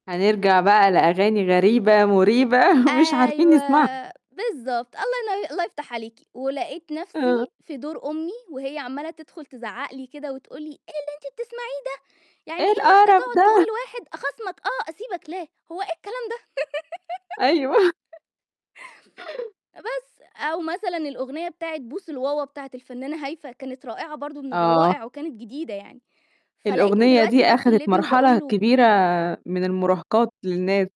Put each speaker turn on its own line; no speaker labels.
هنرجع بقى لأغاني غريبة مُريبة مش عارفين
أيوه،
نسمعها.
بالضبط، الله يني الله يفتح عليكِ، ولقيت نَفْسي
آه.
في دور أمي وهي عَمّالة تدخُل تزعق لي كده وتقول لي: "إيه اللي أنتِ بتسمعيه ده؟ يعني
إيه
إيه واحدة
القرف
تقعُد تقول
ده؟!
لواحد أخاصمك آه، أسيبك لا، هو إيه الكلام ده؟"
أيوه.
بس أو مثلًا الأغنية بتاعة بوس الواوا، بتاعة الفنانة هايفه، كانت رائعة برضه من
آه.
الروائع وكانت جديدة يعني فلاقيتني
الأغنية
دلوقتي
دي
بادخُل
آخدت
لابني وباقول
مرحلة
له
كبيرة من المُراهقات للناس.